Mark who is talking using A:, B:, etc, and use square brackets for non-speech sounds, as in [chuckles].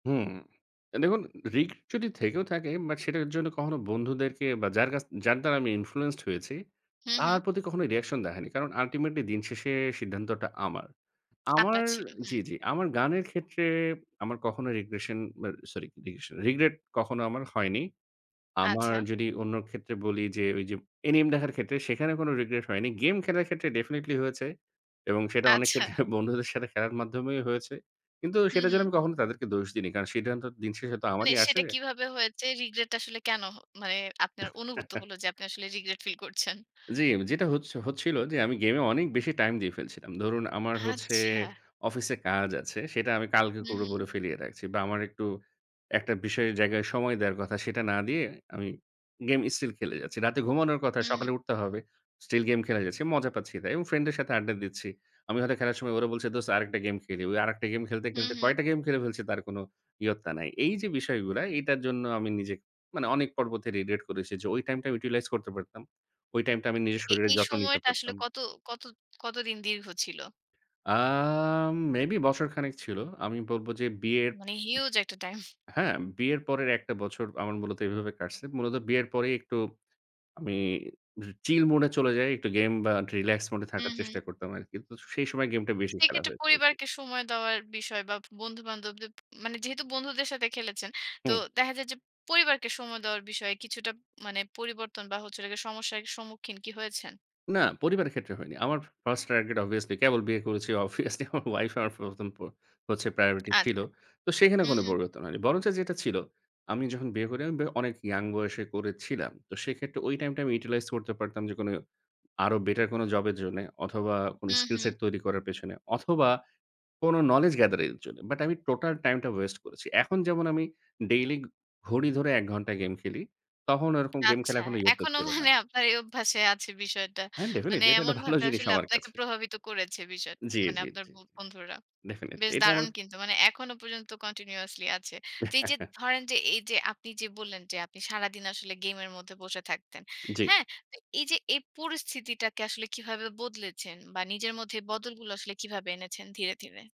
A: হুম, দেখুন রিস্ক যদি থেকেও থাকে বাট সেটার জন্য কখনো বন্ধুদেরকে বা যার কাছ যার দ্বারা আমি ইনফ্লুয়েন্সড হয়েছি
B: হু,
A: তার
B: হু।
A: প্রতি কখনো রিঅ্যাকশন দেখায়নি। কারণ আল্টিমেটলি দিন শেষে সিদ্ধান্তটা আমার। আমার
B: আপনার ছিল,
A: জি,
B: হুম।
A: জি আমার গানের ক্ষেত্রে আমার কখনো রিগ্রেশন আ সরি রিগ্রেশ রিগ্রেট কখনো আমার হয়নি। আমার
B: আচ্ছা।
A: যদি অন্য ক্ষেত্রে বলি যে ওই যে এনিম দেখার ক্ষেত্রে সেখানে কোনো রিগ্রেট হয়নি। গেম খেলার ক্ষেত্রে ডেফিনিটলি হয়েছে এবং সেটা অনেক
B: আচ্ছা।
A: ক্ষেত্রে বন্ধুদের সাথে খেলার মাধ্যমেই হয়েছে। কিন্তু
B: হু,
A: সেটার জন্য
B: হু।
A: আমি কখনো তাদেরকে দোষ দিইনি। কারণ সে দিন শেষে তো
B: মানে
A: আমারই আসে।
B: সেটা কিভাবে হয়েছে রিগ্রেট আসলে কেনো? মানে আপনার অনুভূত
A: [chuckles]
B: হলো যে আপনি আসলে রিগ্রেট ফিল করছেন।
A: জি, যেটা হচ্ছ হচ্ছিল যে আমি গেম এ অনেক বেশি টাইম দিয়ে ফেলছিলাম। ধরুন আমার হচ্ছে
B: আচ্ছা।
A: অফিসে কাজ আছে, সেটা আমি কালকে
B: হু,
A: করে
B: হু।
A: বলে ফেলিয়ে রাখছি বা আমার একটু একটা বিষয়ের জায়গায় সময় দেওয়ার কথা সেটা না দিয়ে আমি গেম স্টিল খেলে যাচ্ছি। রাতে ঘুমানোর কথা
B: হু, হু।
A: সকালে উঠতে হবে। স্টিল গেম খেলে যাচ্ছি মজা পাচ্ছি তাই। এবং ফ্রেন্ড এর সাথে আড্ডা দিচ্ছি। আমি হয়তো খেলার সময় ওরা বলছে, "দোস্ত আরেকটা গেম খেলি।" ওই আরেকটা গেম খেলতে,
B: হু,
A: খেলতে
B: হু।
A: কয়েকটা গেম খেলে ফেলছি তার কোনো ইয়ত্তা নাই। এই যে বিষয়গুলা এইটার জন্য আমি নিজে মানে অনেক পর্বতে রেডিয়েট করেছি যে ওই টাইমটা আমি ইউটিলাইজ করতে পারতাম। ওই টাইমটা আমি নিজের
B: এ
A: শরীরের
B: এই
A: যত্ন নিতে
B: সময়টা আসলে
A: পারতাম।
B: কত কত কতদিন দীর্ঘ ছিল?
A: আম মেবি বছরখানেক ছিল। আমি বলব যে বিয়ের
B: মানে হিউজ একটা টাইম।
A: হ্যাঁ, বিয়ের পরের ১ টা বছর আমার মূলত এভাবে কাটছে। মূলত বিয়ের পরেই একটু আমি চিল মুড এ চলে যাই একটু গেম বা রিল্যাক্স মুড এ
B: হু,
A: থাকার চেষ্টা
B: হু।
A: করতাম আরকি। তো সেই সময় গেমটা বেশি খেলা
B: সেক্ষেত্রে
A: হয়েছে।
B: পরিবারকে সময় দেওয়ার বিষয় বা বন্ধু-বান্ধবদের মানে যেহেতু বন্ধুদের সাথে খেলেছেন তো
A: হুম।
B: দেখা যায় যে পরিবারকে সময় দেওয়ার বিষয়ে কিছুটা মানে পরিবর্তন বা হচ্ছে হল গিয়ে সমস্যার সম্মুখীন কি হয়েছেন?
A: না পরিবারের ক্ষেত্রে হয়নি। আমার 1st টার্গেট অবভিয়াসলি কেবল বিয়ে করেছি অবভিয়াসলি আমার ওয়াইফ আমার ১ম হচ্ছে প্রায়োরিটি ছিল।
B: আচ্ছা।
A: তো সেখানে
B: হু,
A: কোনো
B: হু।
A: পরিবর্তন হয়নি। বরঞ্চ যেটা ছিল আমি যখন বিয়ে করি আমি অনেক ইয়ং বয়সে করেছিলাম। তো সেক্ষেত্রে ওই টাইমটা আমি ইউটিলাইজ করতে পারতাম যে কোনো আরো বেটার কোনো জব এর জন্যে অথবা কোনো
B: হু,
A: স্কিল
B: হু।
A: সেট তৈরি করার পেছনে অথবা কোনো নলেজ গেদারিং এর জন্য। বাট আমি টোটাল টাইম টা ওয়েস্ট করেছি। এখন যেমন আমি ডেইলি ঘড়ি ধরে ১ ঘণ্টা গেম খেলি তখন ওরকম গেম খেলা
B: আচ্ছা।
A: এখনো ইয়ত্তা
B: এখনো
A: ছিল না।
B: মানে আপনার এই অভ্যাসে আছে বিষয়টা।
A: হ্যাঁ
B: মানে
A: ডেফিনিটলি এটা একটা ভালো
B: এমনভাবে
A: জিনিস
B: আসলে
A: আমার
B: আপনাকে
A: কাছে।
B: প্রভাবিত করেছে বিষয়টা
A: জি,
B: মানে
A: জি,
B: আপনার
A: জি, জি।
B: বন্ধুরা।
A: ডেফিনিটলি
B: বেশ
A: এটা আমার
B: দারুণ কিন্তু। মানে এখনো পর্যন্ত কন্টিনিউয়াসলি আছে। তো এই যে
A: [chuckles]
B: ধরেন যে এই যে আপনি যে বললেন যে আপনি সারাদিন আসলে গেমের মধ্যে বসে থাকতেন।
A: জি।
B: হ্যাঁ? তো এই যে এই পরিস্থিতিটাকে আসলে কিভাবে বদলেছেন বা নিজের মধ্যে বদলগুলো আসলে কিভাবে এনেছেন ধীরে, ধীরে?